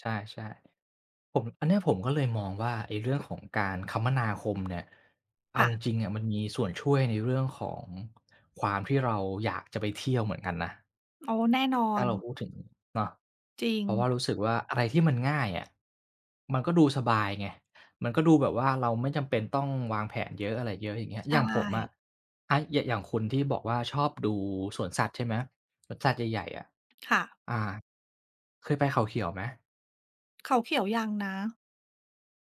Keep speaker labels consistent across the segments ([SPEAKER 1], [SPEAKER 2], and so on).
[SPEAKER 1] ใช่ ใช่ ผม อันนี้ผมก็เลยมองว่า ไอ้เรื่องของการคมนาคมเนี่ย เอ
[SPEAKER 2] ค
[SPEAKER 1] า
[SPEAKER 2] ่ะ
[SPEAKER 1] จริง ๆ อะ มันมีส่วนช่วยในเรื่องของความที่เราอยากจะไปเที่ยวเหมือนกันนะ
[SPEAKER 2] อ๋อ แน่นอ
[SPEAKER 1] ถ้า
[SPEAKER 2] น
[SPEAKER 1] เราพูดถึงเนาะ
[SPEAKER 2] จริ
[SPEAKER 1] เพราะว่
[SPEAKER 2] ง
[SPEAKER 1] ารู้สึกว่า อะไรที่มันง่ายอะ มันก็ดูสบายไง มันก็ดูแบบว่าเราไม่จำเป็นต้องวางแผนเยอะ อะไรเยอะอย่างเงี้ย
[SPEAKER 2] ใช
[SPEAKER 1] อย่างผมอ
[SPEAKER 2] ่
[SPEAKER 1] ะ อ่า อย่าง อย่างคุณที่บอกว่าชอบดูสวนสัตว์ใช่ไหม? สวนสัตว์ใหญ่ ๆ อะ
[SPEAKER 2] ค่ะ
[SPEAKER 1] อา เคยไปเขาเขียวไหม?
[SPEAKER 2] เขาเขียวยังนะ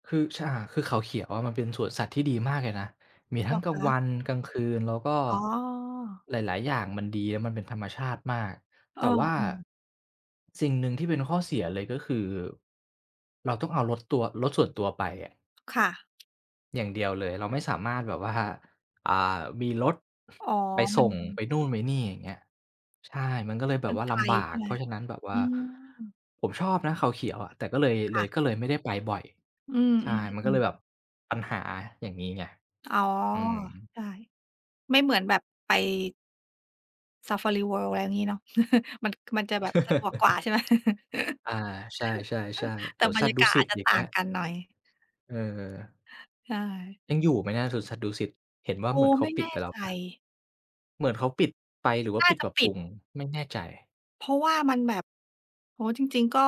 [SPEAKER 1] คือ ช อ่า คือเขาเขียวอะ มันเป็นสวนสัตว์ที่ดีมากเลยนะ มี
[SPEAKER 2] เ
[SPEAKER 1] ท
[SPEAKER 2] ห
[SPEAKER 1] ั
[SPEAKER 2] ร
[SPEAKER 1] ้ง
[SPEAKER 2] อ
[SPEAKER 1] กล
[SPEAKER 2] ค
[SPEAKER 1] างว
[SPEAKER 2] ะ?
[SPEAKER 1] ันกลางคืน แล้วก็
[SPEAKER 2] อ๋อ
[SPEAKER 1] หลาย ๆ อย่าง มันดี แล้วมันเป็นธรรมชาติมาก
[SPEAKER 2] เอ
[SPEAKER 1] แต
[SPEAKER 2] อ
[SPEAKER 1] ่ว่า
[SPEAKER 2] เออ
[SPEAKER 1] สิ่งหนึ่งที่เป็นข้อเสียเลยก็คือ เราต้องเอารถตัว รถส่วนตัวไปอะ
[SPEAKER 2] ค่ะ
[SPEAKER 1] อย่างเดียวเลย เราไม่สามารถแบบว่า อ่า มีรถ
[SPEAKER 2] อ๋อ
[SPEAKER 1] ไป
[SPEAKER 2] ม
[SPEAKER 1] ส
[SPEAKER 2] ั
[SPEAKER 1] ่
[SPEAKER 2] น
[SPEAKER 1] งไปนู่นไปนี่อย่างเงี้ย ใช่ มันก็เลยแ
[SPEAKER 2] ม
[SPEAKER 1] บ
[SPEAKER 2] ั
[SPEAKER 1] บ
[SPEAKER 2] น
[SPEAKER 1] ว่า
[SPEAKER 2] ไก
[SPEAKER 1] ล
[SPEAKER 2] ล
[SPEAKER 1] ำบา
[SPEAKER 2] ใช่
[SPEAKER 1] ก
[SPEAKER 2] ไห
[SPEAKER 1] เ
[SPEAKER 2] ม?
[SPEAKER 1] พราะฉะนั้น แบบว
[SPEAKER 2] อ
[SPEAKER 1] ่า
[SPEAKER 2] ืม
[SPEAKER 1] ผมชอบนะ เขาเขียวอะ แต่ก็เลย
[SPEAKER 2] ค
[SPEAKER 1] เล
[SPEAKER 2] ่
[SPEAKER 1] ย
[SPEAKER 2] ะ
[SPEAKER 1] ก็เลยไม่ได้ไปบ่อย
[SPEAKER 2] อื
[SPEAKER 1] ใช่ มันก็เล
[SPEAKER 2] อ
[SPEAKER 1] ย
[SPEAKER 2] ๆ ๆ
[SPEAKER 1] แบบปัญหาอย่างงี้ไง
[SPEAKER 2] อ๋อ
[SPEAKER 1] อืม
[SPEAKER 2] ใช่ ไม่เหมือนแบบไป ซาฟารีเวิลด์อะไรอย่างงี้เนาะ มัน มันจะแบบสะดวกกว่า ใช่ไหม?
[SPEAKER 1] อา ใช่ ๆ
[SPEAKER 2] แ
[SPEAKER 1] ๆ
[SPEAKER 2] ต
[SPEAKER 1] ส
[SPEAKER 2] ่
[SPEAKER 1] วน
[SPEAKER 2] บร
[SPEAKER 1] สั
[SPEAKER 2] ร
[SPEAKER 1] ต
[SPEAKER 2] ย
[SPEAKER 1] ว
[SPEAKER 2] า
[SPEAKER 1] ์ดุ
[SPEAKER 2] กาศ
[SPEAKER 1] สิ
[SPEAKER 2] อา
[SPEAKER 1] ต
[SPEAKER 2] จจะ
[SPEAKER 1] อย่า
[SPEAKER 2] ต
[SPEAKER 1] ง
[SPEAKER 2] ่
[SPEAKER 1] เง
[SPEAKER 2] า
[SPEAKER 1] ี้
[SPEAKER 2] ง
[SPEAKER 1] ย
[SPEAKER 2] กันหน่อย
[SPEAKER 1] เออ
[SPEAKER 2] ใช่
[SPEAKER 1] ยังอยู่ไหมนะสวนสัตว์ดุสิต? เห็นว่
[SPEAKER 2] โอ
[SPEAKER 1] า
[SPEAKER 2] ้
[SPEAKER 1] เหมือนเข
[SPEAKER 2] ไม
[SPEAKER 1] า
[SPEAKER 2] ่
[SPEAKER 1] ป
[SPEAKER 2] แ
[SPEAKER 1] ิ
[SPEAKER 2] น
[SPEAKER 1] ด
[SPEAKER 2] ่
[SPEAKER 1] ไปแล้
[SPEAKER 2] ใจ
[SPEAKER 1] วเปล่า? เหมือนเขาปิดไป หรือว่
[SPEAKER 2] น
[SPEAKER 1] า
[SPEAKER 2] ่า
[SPEAKER 1] ปิด
[SPEAKER 2] จะ
[SPEAKER 1] ปรับ
[SPEAKER 2] ป
[SPEAKER 1] ป
[SPEAKER 2] ิ
[SPEAKER 1] ร
[SPEAKER 2] ด
[SPEAKER 1] ุง ไม่แน่ใจ
[SPEAKER 2] เพราะว่ามันแบบ โอ้โฮ! จริง ๆ ก็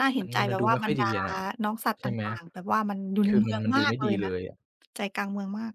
[SPEAKER 2] น่าเห
[SPEAKER 1] ม
[SPEAKER 2] ็
[SPEAKER 1] ั
[SPEAKER 2] น
[SPEAKER 1] น
[SPEAKER 2] ใจ
[SPEAKER 1] มัน ม
[SPEAKER 2] แบ
[SPEAKER 1] ัน
[SPEAKER 2] บ
[SPEAKER 1] ดู
[SPEAKER 2] ว่า
[SPEAKER 1] ไม่
[SPEAKER 2] บ
[SPEAKER 1] ค
[SPEAKER 2] ร
[SPEAKER 1] ่อ
[SPEAKER 2] ร
[SPEAKER 1] ย
[SPEAKER 2] ด
[SPEAKER 1] ดี
[SPEAKER 2] า
[SPEAKER 1] อะน่ะ
[SPEAKER 2] น้องสัตว์
[SPEAKER 1] ใช
[SPEAKER 2] ต
[SPEAKER 1] ่ไหม?
[SPEAKER 2] ่าง ๆ แบบว่ามันอยู่ใ
[SPEAKER 1] ค
[SPEAKER 2] น
[SPEAKER 1] ือ
[SPEAKER 2] เมื
[SPEAKER 1] มัน
[SPEAKER 2] อง
[SPEAKER 1] มัน
[SPEAKER 2] ม
[SPEAKER 1] ดู
[SPEAKER 2] าก
[SPEAKER 1] ไม่
[SPEAKER 2] เล
[SPEAKER 1] ดี
[SPEAKER 2] ยน
[SPEAKER 1] เล
[SPEAKER 2] ะ
[SPEAKER 1] ยอะ
[SPEAKER 2] ใจกลางเมืองมาก